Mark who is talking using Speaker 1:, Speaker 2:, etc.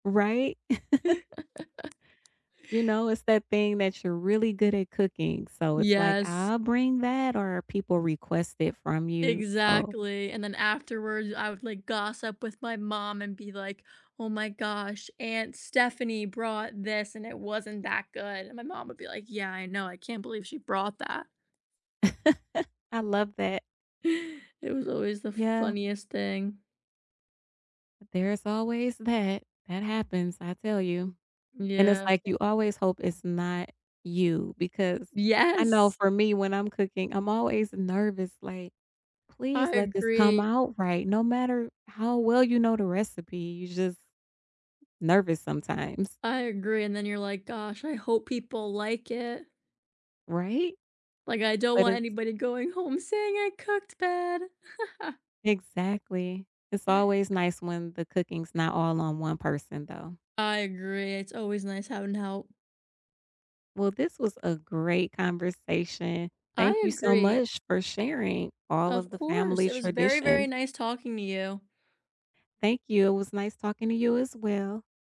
Speaker 1: Right? You know, it's that thing that you're really good at cooking, so it's like,
Speaker 2: Yes.
Speaker 1: "I'll bring that," or people request it from you. So
Speaker 2: Exactly, and then afterwards, I would, like, gossip with my mom and be like, "Oh my gosh, aunt Stephanie brought this, and it wasn't that good." And my mom would be like, "Yeah, I know, I can't believe she brought that."
Speaker 1: I love that.
Speaker 2: It was always the
Speaker 1: Yeah.
Speaker 2: funniest thing.
Speaker 1: There's always that, that happens I tell you, and it's
Speaker 2: Yeah.
Speaker 1: like you always hope it's not you because I know
Speaker 2: Yes.
Speaker 1: for me when I'm cooking I'm always nervous like, "Please
Speaker 2: I
Speaker 1: let this come
Speaker 2: agree.
Speaker 1: out right," no matter how well you know the recipe you're just nervous sometimes.
Speaker 2: I agree, and then you're like, "Gosh, I hope people like it."
Speaker 1: Right?
Speaker 2: Like, I don't
Speaker 1: But
Speaker 2: want
Speaker 1: it's
Speaker 2: anybody going home saying I cooked, bad.
Speaker 1: Exactly, it's always nice when the cooking's not all on one person though.
Speaker 2: I agree, it's always nice having help.
Speaker 1: Well this was a great conversation, thank
Speaker 2: I
Speaker 1: you so
Speaker 2: agree.
Speaker 1: much for sharing all
Speaker 2: Of
Speaker 1: of the
Speaker 2: course,
Speaker 1: family
Speaker 2: it was very, very
Speaker 1: traditions.
Speaker 2: nice talking to you.
Speaker 1: Thank you, it was nice talking to you as well.